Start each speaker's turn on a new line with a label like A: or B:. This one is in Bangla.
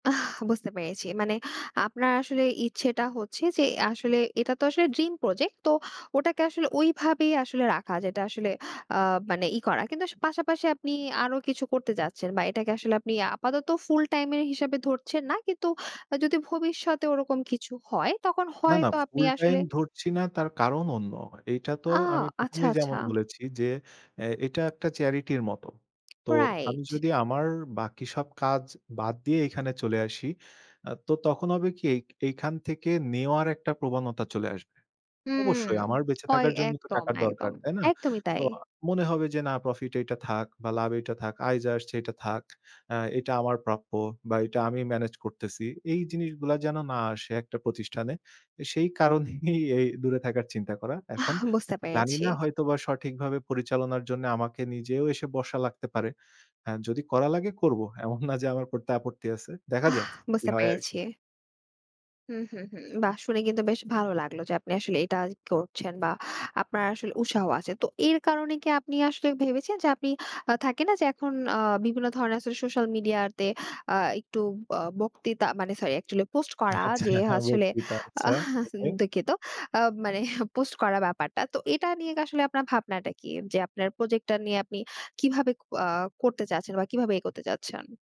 A: আহ, বুঝতে পেরেছি। মানে আপনার আসলে ইচ্ছেটা হচ্ছে যে, আসলে এটা তো আসলে dream project তো ওটাকে আসলে ওইভাবেই আসলে রাখা, যেটা আসলে আ মানে ই করা। কিন্তু আস পাশাপাশি আপনি আরো কিছু করতে যাচ্ছেন, বা এটাকে আসলে আপনি আপাতত ফুল টাইম এর হিসাবে ধরছেন না। কিন্তু যদি ভবিষ্যতে ওরকম কিছু হয়, তখন
B: না, না,
A: হয়তো আপনি
B: ফুল টাইম
A: আসলে
B: ধরছি না। তার কারণ অন্য। এইটা তো
A: আ
B: আমি ১ম,
A: আচ্ছা,
B: এই
A: আচ্ছা।
B: যেমন বলেছি যে, অ্যা এটা একটা charity র মত। তো আমি
A: রাইট।
B: যদি আমার বাকি সব কাজ বাদ দিয়ে এখানে চলে আসি, আ তো তখন হবে কি, এই, এইখান থেকে নেওয়ার একটা প্রবণতা চলে আসবে।
A: হুম,
B: অবশ্যই আমার বেঁচে
A: কয়
B: থাকার জন্য তো
A: একদম,
B: টাকার
A: একদম,
B: দরকার, তাই না?
A: একদমই
B: তো
A: তাই।
B: আ মনে হবে যে, না, প্রফিট এইটা থাক বা লাভটা থাক। আয় আসছে এটা থাক। অ্যা এটা আমার প্রাপ্য, বা এটা আমি মেনেজ করতেছি। এই জিনিসগুলা যেন না আসে একটা প্রতিষ্ঠানে। সেই কারণেই এই দূরে থাকার চিন্তা করা। এখন
A: আহ বুঝতে
B: জানি
A: পেরেছি।
B: না, হয়তোবা সঠিকভাবে পরিচালনার জন্যে আমাকে নিজেও এসে বসা লাগতে পারে। আ যদি করা লাগে, করব। এমন না যে, আমার আপত্তি আছে। দেখা
A: অহ
B: যাক কি
A: বুঝতে
B: হয় আরকি।
A: পেরেছি। হুম, হুম, হুম। বা শুনে কিন্তু বেশ ভালো লাগলো যে, আপনি আসলে এটা করছেন বা আপনার আসলে উৎসাহ আছে। তো এর কারণে কি আপনি আসলে ভেবেছেন যে, আপনি আ থাকে না, যে, এখন অ বিভিন্ন ধরনের সো সোশ্যাল মিডিয়াতে আ একটু ব বক্তৃতা মানে, সরি, actually পোস্ট করা,
B: আচ্ছা,
A: যে, আসলে।
B: রক্কিতা আচ্ছা।
A: আহ, সেন
B: ওকে।
A: দুঃখিত আ মানে পোস্ট করা ব্যাপারটা। তো এটা নিয়ে কি আসলে আপনার ভাবনাটা কি? যে, আপনার প্রজেক্টটা নিয়ে আপনি কিভাবে ক আ করতে চাচ্ছেন বা কিভাবে এগোতে চাচ্ছেন?